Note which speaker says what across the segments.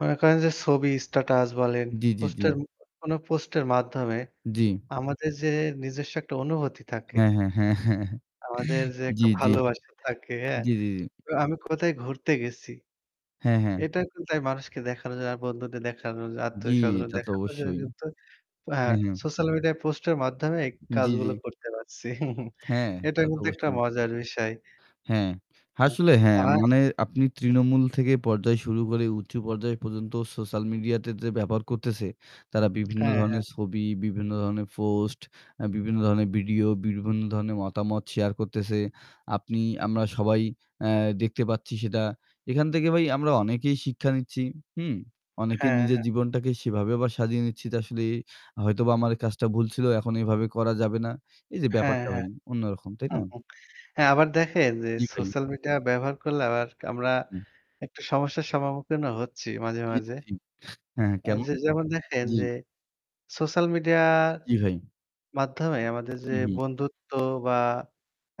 Speaker 1: মনে করেন যে ছবি স্ট্যাটাস বলেন,
Speaker 2: জি, জি, জি।
Speaker 1: পোস্টের কোনো পোস্টের মাধ্যমে
Speaker 2: জি।
Speaker 1: আমাদের যে নিজস্ব একটা অনুভূতি থাকে
Speaker 2: হ্যাঁ, হ্যাঁ, হ্যাঁ, হ্যাঁ, হ্যাঁ।
Speaker 1: আমাদের যে
Speaker 2: জি,
Speaker 1: একটা
Speaker 2: জি।
Speaker 1: ভালোবাসা থাকে, হ্যাঁ,
Speaker 2: জি, জি, জি।
Speaker 1: আমি কোথায় ঘুরতে গেছি।
Speaker 2: হ্যাঁ, হ্যাঁ।
Speaker 1: এটা কিন্তু তাই মানুষকে দেখানোর জন্য আর বন্ধুদের দেখানোর জন্য,
Speaker 2: জি,
Speaker 1: আত্মীয়স্বজন
Speaker 2: তাতো
Speaker 1: দেখানোর জন্য
Speaker 2: অবশ্যই।
Speaker 1: কিন্তু হ্যাঁ,
Speaker 2: হ্যাঁ, হ্যাঁ।
Speaker 1: সোশ্যাল মিডিয়ায় পোস্টের মাধ্যমে এই
Speaker 2: জি,
Speaker 1: কাজগুলো
Speaker 2: জি।
Speaker 1: করতে পারছি।
Speaker 2: হ্যাঁ,
Speaker 1: এটা
Speaker 2: তা
Speaker 1: কিন্তু একটা
Speaker 2: অবশ্যই।
Speaker 1: মজার বিষয়।
Speaker 2: হ্যাঁ, আসলে হ্যাঁ
Speaker 1: [unintelligible]
Speaker 2: মানে আপনি তৃণমূল থেকে পর্যায় শুরু করে উঁচু পর্যায় পর্যন্ত সোশ্যাল মিডিয়াতে যে ব্যবহার করতেছে তারা বিভিন্ন
Speaker 1: হ্যাঁ, হ্যাঁ।
Speaker 2: ধরণের ছবি, বিভিন্ন ধরণের পোস্ট, আ বিভিন্ন ধরণের ভিডিও বিভিন্ন ধরণের মতামত শেয়ার করতেছে। আপনি আমরা সবাই আ দেখতে পাচ্ছি সেটা। এখান থেকে ভাই আমরা অনেকেই শিক্ষা নিচ্ছি। হুম? অনেকে
Speaker 1: হ্যাঁ,
Speaker 2: নিজের
Speaker 1: হ্যাঁ।
Speaker 2: জীবনটাকে সেভাবে আবার সাজিয়ে নিচ্ছি যে আসলে হয়তোবা আমার এই কাজটা ভুল ছিল এখন এভাবে করা যাবে না। এই যে
Speaker 1: হ্যাঁ,
Speaker 2: ব্যাপারটা
Speaker 1: হ্যাঁ।
Speaker 2: ভাই অন্যরকম। তাই না?
Speaker 1: হ্যাঁ আবার দেখেন যে
Speaker 2: জি, ভাই।
Speaker 1: সোশ্যাল মিডিয়া ব্যবহার করলে আবার আমরা
Speaker 2: হুম।
Speaker 1: একটু সমস্যার সম্মুখীনও হচ্ছি মাঝে,
Speaker 2: জি,
Speaker 1: মাঝে।
Speaker 2: জি, জি। হ্যাঁ, হ্যাঁ
Speaker 1: এই
Speaker 2: কেমন?
Speaker 1: যে যেমন দেখেন
Speaker 2: জি।
Speaker 1: যে সোশ্যাল মিডিয়া
Speaker 2: জি, ভাই।
Speaker 1: মাধ্যমে আমাদের যে
Speaker 2: হু, হু।
Speaker 1: বন্ধুত্ব বা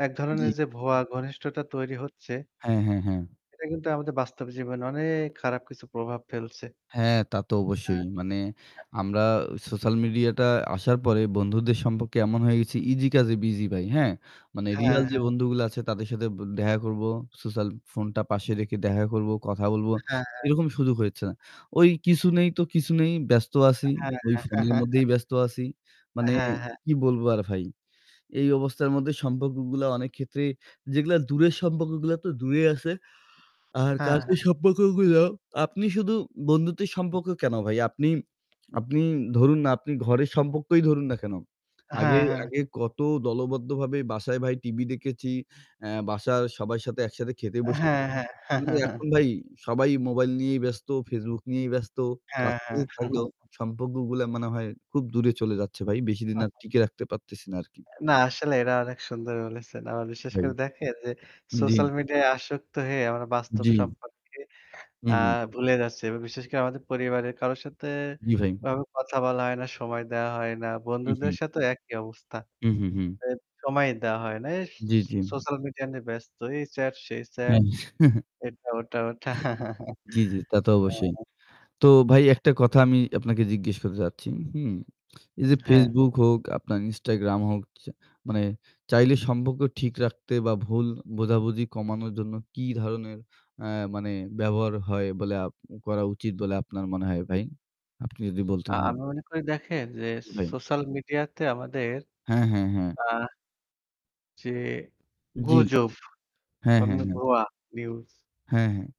Speaker 1: এক ধরনের
Speaker 2: জি।
Speaker 1: যে ভুয়া ঘনিষ্ঠতা তৈরি হচ্ছে
Speaker 2: হ্যাঁ, হ্যাঁ, হ্যাঁ।
Speaker 1: এটা কিন্তু আমাদের বাস্তব জীবনে অনেক খারাপ কিছু প্রভাব ফেলছে।
Speaker 2: হ্যাঁ, তা তো
Speaker 1: হ্যাঁ।
Speaker 2: অবশ্যই। মানে আমরা সোশ্যাল মিডিয়াটা আসার পরে বন্ধুদের সম্পর্কে এমন হয়ে গেছি ইসি কাজে বিজি ভাই। হ্যাঁ মানে
Speaker 1: হ্যাঁ,
Speaker 2: রিয়াল যে
Speaker 1: হ্যাঁ।
Speaker 2: বন্ধুগুলা আছে তাদের সাথে দেখা করবো। সোশ্যাল ফোনটা পাশে রেখে দেখা করবো, কথা বলবো।
Speaker 1: হ্যাঁ, হ্যাঁ।
Speaker 2: এরকম সুযোগ হচ্ছেনা। কিছু নেই তো কিছু নেই ব্যস্ত আছি।
Speaker 1: হ্যাঁ,
Speaker 2: ওই ফোনের
Speaker 1: হ্যাঁ।
Speaker 2: মধ্যেই ব্যস্ত আছি। মানে
Speaker 1: হ্যাঁ, হ্যাঁ।
Speaker 2: কি বলবো আর ভাই। এই অবস্থার মধ্যে সম্পর্কগুলা অনেক ক্ষেত্রে যেগুলা দূরের সম্পর্কগুলা তো দূরেই আছে। আর
Speaker 1: হ্যাঁ, হ্যাঁ।
Speaker 2: কাছের সম্পর্কগুলা আপনি শুধু বন্ধুত্বের সম্পর্ক কেন ভাই? আপনি আপনি ধরুন না আপনি ঘরের সম্পর্কই ধরুন না কেন? আগে
Speaker 1: হ্যাঁ, হ্যাঁ।
Speaker 2: আগে কত দলবদ্ধভাবে বাসায় ভাই টিভি দেখেছি। অ্যা বাসার সবার সাথে একসাথে খেতে বসেছি।
Speaker 1: হ্যাঁ, হ্যাঁ।
Speaker 2: এখন ভাই সবাই মোবাইল নিয়েই ব্যস্ত। Facebook নিয়েই ব্যস্ত।
Speaker 1: হ্যাঁ,
Speaker 2: কাছাকাছি
Speaker 1: হ্যাঁ।
Speaker 2: থাকলেও সম্পর্কগুলা মনে হয় খুব দূরে চলে যাচ্ছে ভাই। বেশিদিন আর টিকে রাখতে পারতেছি না আরকি।
Speaker 1: না আসলেই এটা অনেক সুন্দর বলেছেন। আবার
Speaker 2: জি,
Speaker 1: বিশেষ
Speaker 2: ভাই।
Speaker 1: করে দেখেন যে
Speaker 2: জি।
Speaker 1: সোশ্যাল মিডিয়ায় আসক্ত হয়ে আমরা বাস্তব
Speaker 2: জি।
Speaker 1: সম্পর্কে
Speaker 2: হু,
Speaker 1: আ
Speaker 2: হু।
Speaker 1: ভুলে যাচ্ছি। বিশেষ করে আমাদের পরিবারের কারোর সাথে
Speaker 2: জি, ভাই।
Speaker 1: এভাবে কথা বলা হয় না, সময় দেওয়া হয় না।
Speaker 2: হু,
Speaker 1: বন্ধুদের
Speaker 2: হু।
Speaker 1: সাথেও একই অবস্থা।
Speaker 2: হু, হু, হু।
Speaker 1: সময় দেওয়া হয় না। এই
Speaker 2: জি, জি।
Speaker 1: সোশ্যাল মিডিয়া নিয়ে ব্যস্ত। এই চ্যাট, সেই চ্যাট
Speaker 2: হ্যাঁ।
Speaker 1: এটা ওটা ওটা।
Speaker 2: জি, জি তা তো অবশ্যই।
Speaker 1: হ্যাঁ।
Speaker 2: তো ভাই একটা কথা আমি আপনাকে জিজ্ঞেস করতে চাচ্ছি। হুম? এই যে
Speaker 1: হ্যাঁ।
Speaker 2: Facebook হোক, আপনার Instagram হোক চা মানে চাইলে সম্পর্ক ঠিক রাখতে বা ভুল বোঝাবুঝি কমানোর জন্য কি ধরনের আ মানে ব্যবহার হয় বলে আপ করা উচিত বলে আপনার মনে হয় ভাই। আপনি যদি
Speaker 1: আ
Speaker 2: বলতেন।
Speaker 1: আমি মনে করি দেখেন যে
Speaker 2: জি,
Speaker 1: স
Speaker 2: ভাই।
Speaker 1: সোশ্যাল মিডিয়া তে আমাদের
Speaker 2: হ্যাঁ, হ্যাঁ, হ্যাঁ।
Speaker 1: আ জি,
Speaker 2: জি।
Speaker 1: গুজব
Speaker 2: হ্যাঁ,
Speaker 1: বা
Speaker 2: হ্যাঁ,
Speaker 1: মু
Speaker 2: হ্যাঁ।
Speaker 1: ভুয়া নিউজ।
Speaker 2: হ্যাঁ, হ্যাঁ।